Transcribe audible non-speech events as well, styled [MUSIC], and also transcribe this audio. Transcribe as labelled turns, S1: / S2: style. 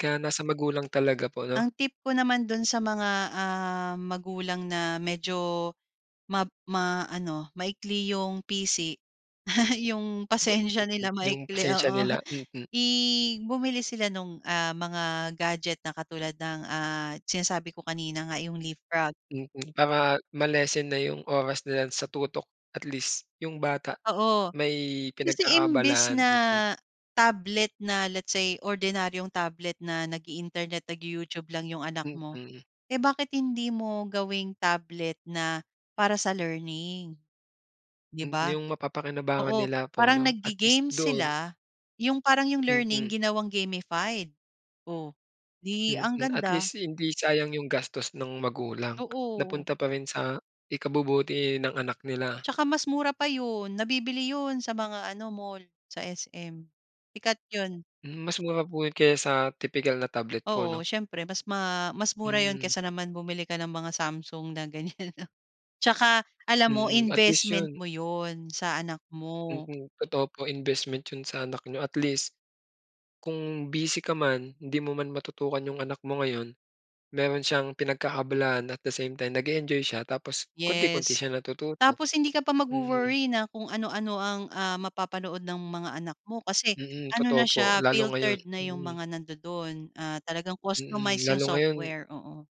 S1: Kaya nasa magulang talaga po, 'no?
S2: Ang tip ko naman dun sa mga, ah, magulang na medyo ma ma ano, maikli yung pisi [LAUGHS] yung
S1: Ba
S2: pasensya nila
S1: [UNINTELLIGIBLE] yung
S2: maikli,
S1: pasensya
S2: oo.
S1: nila, mm.
S2: I bumili sila nung ah, mga gadget na katulad ng ah, sinasabi ko kanina nga yung leaf frog.
S1: Mm, para ma-lessen na yung oras nila sa tutok, at least yung bata
S2: Oo,
S1: may
S2: kasi imbes
S1: pinagkakaabalahan.
S2: na
S1: Mm.
S2: tablet na let's say ordinaryong tablet na nag-i internet, nag-You YouTube lang yung anak
S1: Hmm.
S2: mo,
S1: Mm.
S2: eh, bakit hindi mo gawing tablet na para sa learning, 'di
S1: Hmm,
S2: ba?
S1: yung mapapakinabangan
S2: Oo,
S1: nila po,
S2: parang
S1: 'no, at least
S2: nagge-game
S1: doon
S2: sila yung parang yung learning
S1: Mm.
S2: ginawang gamified. Oh, 'di ang
S1: Mm, at
S2: ganda.
S1: least hindi sayang yung gastos ng magulang,
S2: Oo.
S1: napunta pa rin sa ikabubuti ng anak nila.
S2: Tsaka mas mura pa yun. Nabibili yun sa mga ano mall, sa SM. Sikat yun.
S1: Hmm, mas mura po yun kaysa sa tipikal na tablet po, 'no?
S2: Oo, siyempre mas ma mas mura yun
S1: Mhm.
S2: kesa naman bumili ka ng mga Samsung na ganyan. Tsaka alam mo,
S1: Mm, at least
S2: investment
S1: yun
S2: mo yun sa anak mo.
S1: Mm, totoo po investment yun sa anak niyo. At least kung busy ka man, 'di mo man matutukan yung anak mo ngayon, meron siyang pinagkakaabalahan at the same time nag-e-enjoy siya tapos konti-konti
S2: Yes,
S1: siya natututo.
S2: tapos hindi ka pa
S1: Mhm.
S2: magwo-worry na kung ano-ano ang ah mapapanood ng mga anak mo kasi
S1: Mm,
S2: ano
S1: totoo
S2: na
S1: po.
S2: siya
S1: Lalo ngayon.
S2: filtered na yung
S1: Mm.
S2: mga nandoon. Ah, talagang
S1: Mm,
S2: customize yung
S1: lalo ngayon
S2: software, oo.